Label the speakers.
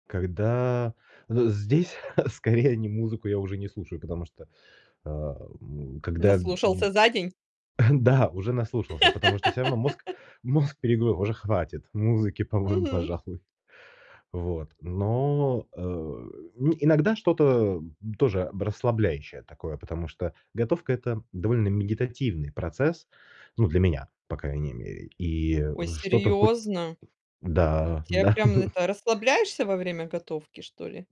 Speaker 1: Когда з здесь скорее не музыку я уже не слушаю, потому что, э, м, когда
Speaker 2: Наслушался за день?
Speaker 1: Да, уже наслушался, потому что всё равно мозг мозг перегру уже хватит музыки, по-моему,
Speaker 2: Мгм.
Speaker 1: пожалуй. Вот но, э Ну иногда что-то, м, тоже б расслабляющее такое, потому что готовка- это довольно медитативный процесс, ну для меня, по крайней мере, и, э,
Speaker 2: Ой,
Speaker 1: что-то хоть
Speaker 2: серьёзно?
Speaker 1: Да
Speaker 2: Тебя
Speaker 1: да,
Speaker 2: прям
Speaker 1: м.
Speaker 2: это расслабляешься во время готовки, что ли?